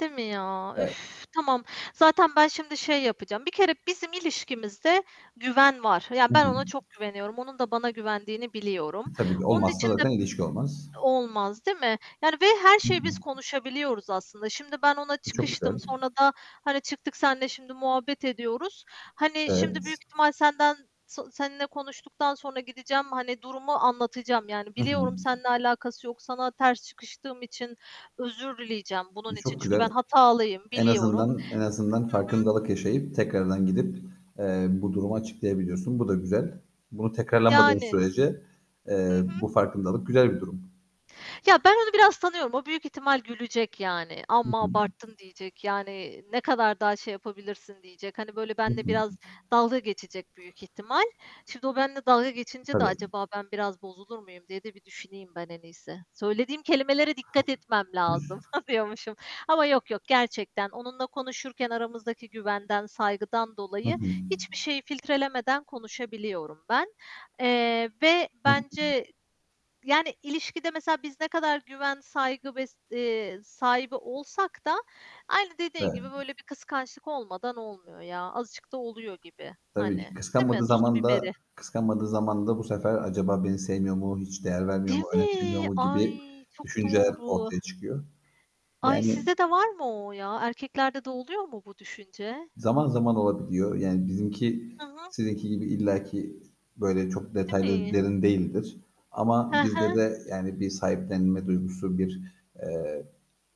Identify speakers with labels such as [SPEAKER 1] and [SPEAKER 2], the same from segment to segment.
[SPEAKER 1] Değil mi ya?
[SPEAKER 2] Evet.
[SPEAKER 1] Üf, tamam. Zaten ben şimdi şey yapacağım Bir kere bizim ilişkimizde güven var, yani,
[SPEAKER 2] Hı
[SPEAKER 1] ben
[SPEAKER 2] hı.
[SPEAKER 1] ona çok güveniyorum, onun da bana güvendiğini biliyorum.
[SPEAKER 2] E, tabii ki
[SPEAKER 1] Onun
[SPEAKER 2] olmazsa
[SPEAKER 1] için de
[SPEAKER 2] zaten ilişki olmaz.
[SPEAKER 1] Olmaz, değil mi? Yani, ve her
[SPEAKER 2] Hı
[SPEAKER 1] şeyi
[SPEAKER 2] hı.
[SPEAKER 1] biz konuşabiliyoruz aslında. Şimdi ben ona
[SPEAKER 2] E, çok
[SPEAKER 1] çıkıştım,
[SPEAKER 2] güzel.
[SPEAKER 1] sonra da, hani, çıktık senle şimdi muhabbet ediyoruz. Hani, şimdi
[SPEAKER 2] Evet.
[SPEAKER 1] büyük ihtimal senden tı seninle konuştuktan sonra gideceğim, hani, durumu anlatacağım, yani,
[SPEAKER 2] Hı hı.
[SPEAKER 1] biliyorum seninle alakası yok, sana ters çıkıştığım için özür dileyeceğim bunun
[SPEAKER 2] E,
[SPEAKER 1] için.
[SPEAKER 2] çok
[SPEAKER 1] Çünkü ben
[SPEAKER 2] güzel.
[SPEAKER 1] hatalıyım,
[SPEAKER 2] En
[SPEAKER 1] biliyorum.
[SPEAKER 2] azından en azından
[SPEAKER 1] Hı hı.
[SPEAKER 2] farkındalık yaşayıp tekrardan gidip, eee, bu durumu açıklayabiliyorsun. Bu da güzel. Bunu tekrarlamadığın
[SPEAKER 1] Yani.
[SPEAKER 2] sürece,
[SPEAKER 1] Hı
[SPEAKER 2] eee,
[SPEAKER 1] hı.
[SPEAKER 2] bu farkındalık güzel bir durum.
[SPEAKER 1] Ya, ben onu biraz tanıyorum, o büyük ihtimal gülecek, yani,
[SPEAKER 2] Hı
[SPEAKER 1] amma
[SPEAKER 2] hı.
[SPEAKER 1] abarttın diyecek, yani, ne kadar daha şey yapabilirsin diyecek, hani, böyle
[SPEAKER 2] Hı
[SPEAKER 1] benle
[SPEAKER 2] hı.
[SPEAKER 1] biraz dalga geçecek büyük ihtimal. Şimdi o benimle dalga geçince de,
[SPEAKER 2] Tabii.
[SPEAKER 1] "Acaba ben biraz bozulur muyum?" diye de bir düşüneyim ben en iyisi. Söylediğim kelimelere dikkat etmem lazım, diyormuşum. Ama yok yok gerçekten, onunla konuşurken aramızdaki güvenden, saygıdan
[SPEAKER 2] Hı
[SPEAKER 1] dolayı,
[SPEAKER 2] hı.
[SPEAKER 1] hiçbir şeyi filtrelemeden konuşabiliyorum ben, eee, ve
[SPEAKER 2] Hı hı.
[SPEAKER 1] bence, yani, ilişkide mesela biz ne kadar güven, saygı ve, eee, sahibi olsak da aynı dediğin gibi
[SPEAKER 2] Evet.
[SPEAKER 1] böyle bir kıskançlık olmadan olmuyor ya, azıcık da oluyor gibi,
[SPEAKER 2] Tabii ki.
[SPEAKER 1] hani, değil mi?
[SPEAKER 2] Kıskanmadığı
[SPEAKER 1] Tuzu
[SPEAKER 2] zaman da
[SPEAKER 1] biberi.
[SPEAKER 2] kıskanmadığı zaman da bu sefer, "Acaba beni sevmiyor mu, hiç değer vermiyor
[SPEAKER 1] Değil
[SPEAKER 2] mu, önemsemiyor
[SPEAKER 1] mi?
[SPEAKER 2] mu?" gibi
[SPEAKER 1] Ay çok
[SPEAKER 2] düşünceler
[SPEAKER 1] doğru.
[SPEAKER 2] ortaya çıkıyor.
[SPEAKER 1] Ay,
[SPEAKER 2] Yani
[SPEAKER 1] sizde de var mı o ya? Erkeklerde de oluyor mu bu düşünce?
[SPEAKER 2] Zaman zaman olabiliyor. Yani, bizimki
[SPEAKER 1] Hı hı.
[SPEAKER 2] sizinki gibi illa ki böyle çok
[SPEAKER 1] Değil
[SPEAKER 2] detaylı
[SPEAKER 1] mi?
[SPEAKER 2] derin değildir,
[SPEAKER 1] He
[SPEAKER 2] ama bizde
[SPEAKER 1] he.
[SPEAKER 2] de, yani, bir sahiplenme duygusu, bir, eee,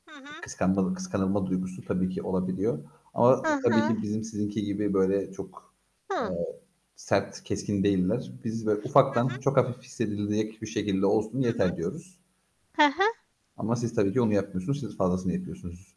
[SPEAKER 1] Hı hı.
[SPEAKER 2] kıskanmalı kıskanılma duygusu tabii ki olabiliyor ama,
[SPEAKER 1] Hı
[SPEAKER 2] tabii
[SPEAKER 1] hı.
[SPEAKER 2] ki, bizim sizinki gibi böyle çok, eee,
[SPEAKER 1] Hı.
[SPEAKER 2] sert, keskin değiller. Biz, "Böyle
[SPEAKER 1] Hı hı.
[SPEAKER 2] ufaktan, çok hafif hissedilecek bir şekilde olsun
[SPEAKER 1] Hı
[SPEAKER 2] yeter." diyoruz.
[SPEAKER 1] hı. He he.
[SPEAKER 2] Ama siz tabii ki onu yapmıyorsunuz, siz fazlasını yapıyorsunuz.